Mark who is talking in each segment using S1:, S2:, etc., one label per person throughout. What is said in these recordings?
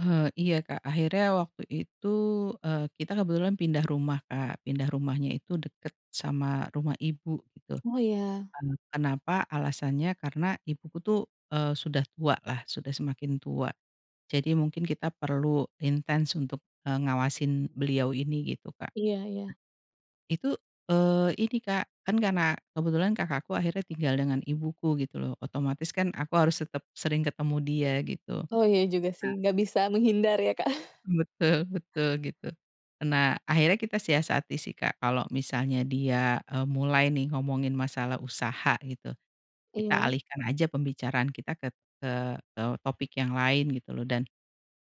S1: Eee, iya Kak, akhirnya waktu itu, eee, kita kebetulan pindah rumah, Kak. Pindah rumahnya itu deket sama rumah ibu gitu.
S2: Oh iya.
S1: Nah, kenapa? Alasannya karena ibuku tuh, eee, sudah tua lah, sudah semakin tua jadi mungkin kita perlu intens untuk, eee, ngawasin beliau ini gitu, Kak.
S2: Iya iya.
S1: Itu, eee ini Kak, kan karena kebetulan Kakakku akhirnya tinggal dengan ibuku gitu loh, otomatis kan aku harus tetep sering ketemu dia gitu.
S2: Oh iya juga sih,
S1: Nah
S2: enggak bisa menghindar ya Kak?
S1: Betul betul, gitu. Nah, akhirnya kita siasati sih Kak kalau misalnya dia, eee, mulai nih ngomongin masalah usaha gitu, kita
S2: Iya.
S1: alihkan aja pembicaraan kita ket eee, eee, topik yang lain gitu loh dan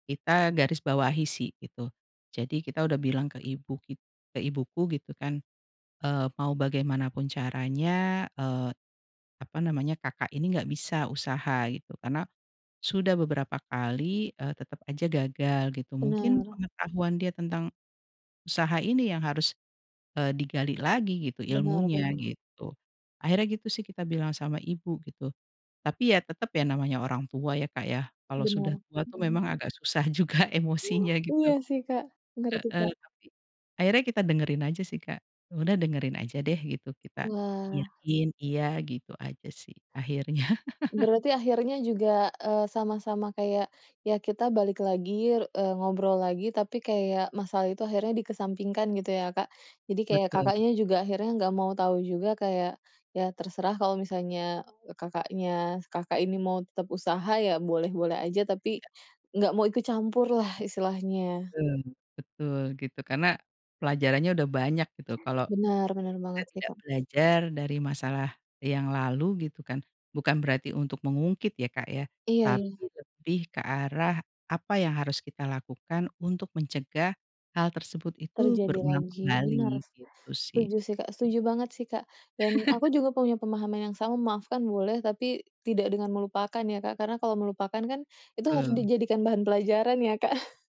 S1: kita garis bawahi sih, gitu. Jadi kita udah bilang ke ibu kit ke ibuku gitu kan, eee, "Mau bagaimanapun caranya, eee, apa namanya, kakak ini nggak bisa usaha gitu, karena sudah beberapa kali, eee, tetep aja gagal gitu, mungkin
S2: Benar.
S1: pengetahuan dia tentang usaha ini yang harus, eee, digali lagi gitu,
S2: Benar
S1: ilmunya
S2: benar.
S1: gitu." Akhirnya gitu sih kita bilang sama ibu gitu, tapi ya tetep ya namanya orang tua ya Kak ya, kalau sudah
S2: Benar.
S1: tua tuh
S2: Mhm.
S1: memang agak susah juga emosinya gitu.
S2: Iya sih Kak, bener itu,
S1: Heeh,
S2: Kak.
S1: tapi akhirnya kita dengerin aja sih Kak, ya udah dengerin aja deh gitu, kita
S2: Wah.
S1: iyain iya gitu aja sih, akhirnya.
S2: Berarti akhirnya juga, eee, sama-sama kayak, ya kita balik lagi r eee, ngobrol lagi tapi kayak masalah itu akhirnya dikesampingkan gitu ya, Kak. Jadi kayak
S1: Betul.
S2: Kakaknya juga akhirnya nggak mau tahu juga kayak, ya terserah kalau misalnya, eee, kakaknya Kakak ini mau tetep usaha ya boleh-boleh aja, tapi
S1: Iya.
S2: enggak mau ikut campur lah istilahnya.
S1: Betul betul gitu, karena pelajarannya udah banyak gitu kalau
S2: Benar bener
S1: kita
S2: banget sih
S1: tidak
S2: Kak.
S1: belajar dari masalah yang lalu gitu kan, bukan berarti untuk mengungkit ya Kak ya,
S2: Iya iya.
S1: tapi lebih ke arah apa yang harus kita lakukan untuk mencegah hal tersebut itu
S2: Terjadi
S1: berulang
S2: lagi, benar,
S1: kembali, gitu sih.
S2: setuju sih Kak, setuju banget sih Kak, dan aku juga punya pemahaman yang sama. Memaafkan boleh, tapi tidak dengan melupakan ya Kak, karena kalau melupakan kan, itu harus
S1: Betul.
S2: dijadikan bahan pelajaran ya, Kak.